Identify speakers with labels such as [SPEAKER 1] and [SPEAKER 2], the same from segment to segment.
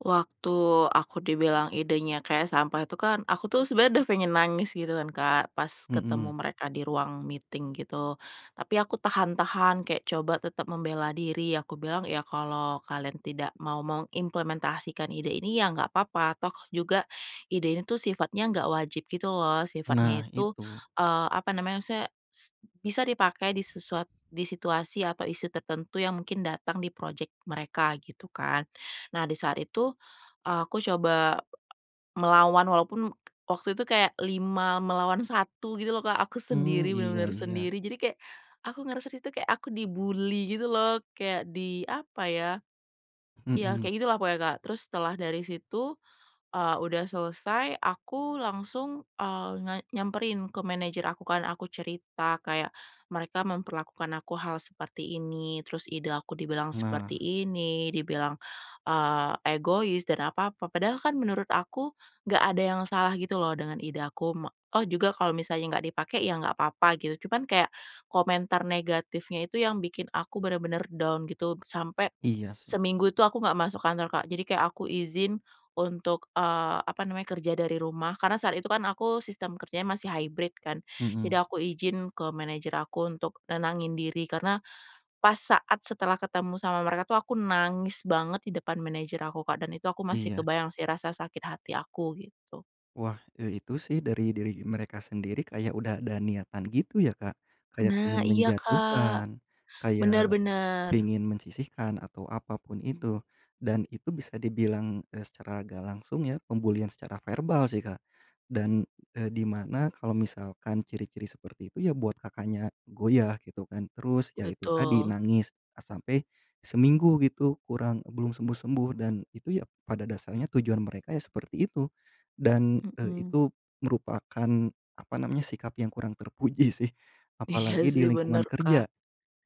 [SPEAKER 1] Waktu aku dibilang idenya kayak sampah itu kan, aku tuh sebenernya udah pengen nangis gitu kan, Kak, pas
[SPEAKER 2] Mmm.
[SPEAKER 1] ketemu mereka di ruang meeting gitu. Tapi aku tahan-tahan kayak coba tetep membela diri. Aku bilang, "Ya kalau kalian tidak mau mengimplementasikan ide ini ya gak apa-apa toh juga ide ini tuh sifatnya gak wajib gitu loh," sifatnya
[SPEAKER 2] Nah,
[SPEAKER 1] itu,
[SPEAKER 2] itu.
[SPEAKER 1] eee, apa namanya maksudnya s bisa dipakai di sesuat di situasi atau isu tertentu yang mungkin datang di project mereka, gitu kan. Nah di saat itu, eee, aku coba melawan walaupun waktu itu kayak 5 melawan 1 gitu loh, Kak, aku
[SPEAKER 2] Mmm,
[SPEAKER 1] sendiri,
[SPEAKER 2] iya
[SPEAKER 1] bener-bener
[SPEAKER 2] iya.
[SPEAKER 1] sendiri, jadi kayak aku ngerasa di situ kayak aku di-bully gitu loh kayak di apa ya iya
[SPEAKER 2] Mmm.
[SPEAKER 1] kayak gitulah pokoknya, Kak. Terus setelah dari situ, eee, udah selesai aku langsung, eee, nge nyamperin ke manajer aku kan, aku cerita kayak, "Mereka memperlakukan aku hal seperti ini, terus ide aku dibilang seperti
[SPEAKER 2] Nah.
[SPEAKER 1] ini, dibilang, eee, egois dan apa-apa." Padahal kan menurut aku, gak ada yang salah gitu loh dengan ide aku me oh juga kalau misalnya gak dipakai ya gak apa-apa gitu, cuman kayak komentar negatifnya itu yang bikin aku bener-bener down gitu sampai
[SPEAKER 2] Iya sih.
[SPEAKER 1] seminggu itu aku gak masuk kantor, Kak. Jadi kayak aku izin untuk, eee, apa namanya kerja dari rumah, karena saat itu kan aku sistem kerjanya masih hybrid kan,
[SPEAKER 2] Mhm.
[SPEAKER 1] jadi aku izin ke manajer aku untuk nenangin diri. Karena pas saat setelah ketemu sama mereka tuh aku nangis banget di depan manager aku, Kak, dan itu aku masih
[SPEAKER 2] Iya.
[SPEAKER 1] kebayang sih rasa sakit hati aku gitu.
[SPEAKER 2] Wah, eee, itu sih dari diri mereka sendiri kayak udah ada niatan gitu ya, Kak. Kayak pingin
[SPEAKER 1] Nah, iya, Kak.
[SPEAKER 2] menjatuhkan,
[SPEAKER 1] Benar
[SPEAKER 2] kayak
[SPEAKER 1] benar.
[SPEAKER 2] pingin mensisihkan, atau apa pun itu dan itu bisa dibilang, eee, secara gak langsung ya pembulian secara verbal sih, Kak. Dan, eee, di mana kalau misalkan ciri-ciri seperti itu ya buat Kakaknya goyah gitu kan. Terus ya itu tadi,
[SPEAKER 1] Betul.
[SPEAKER 2] nangis sampai seminggu gitu kurang, belum sembuh-sembuh, dan itu ya pada dasarnya tujuan mereka ya seperti itu. Dan, eee,
[SPEAKER 1] Mmm.
[SPEAKER 2] itu merupakan apa namanya, sikap yang kurang terpuji sih,
[SPEAKER 1] Iya
[SPEAKER 2] apalagi di
[SPEAKER 1] sih,
[SPEAKER 2] lingkungan
[SPEAKER 1] bener, Kak.
[SPEAKER 2] kerja,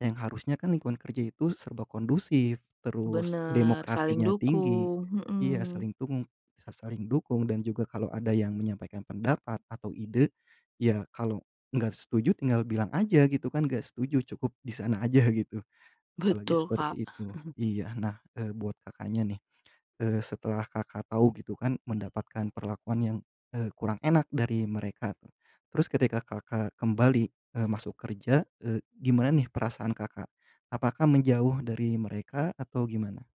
[SPEAKER 2] yang harusnya kan lingkungan kerja itu serba kondusif, terus
[SPEAKER 1] Bener, saling
[SPEAKER 2] demokrasinya tinggi.
[SPEAKER 1] dukung,
[SPEAKER 2] Iya
[SPEAKER 1] mhm.
[SPEAKER 2] saling dung sa saling dukung dan juga kalau ada yang menyampaikan pendapat atau ide, ya kalau gak setuju tinggal bilang aja gitu kan, gak setuju cukup di sana aja gitu. Apalagi
[SPEAKER 1] Betul, Kak.
[SPEAKER 2] seperti itu. Iya, nah, eee, buat Kakaknya nih, eee, setelah Kakak tahu gitu kan mendapatkan perlakuan yang, eee, kurang enak dari mereka, terus ketika Kakak kembali, eee, masuk kerja, eee, gimana nih perasaan Kakak? Apakah menjauh dari mereka atau gimana?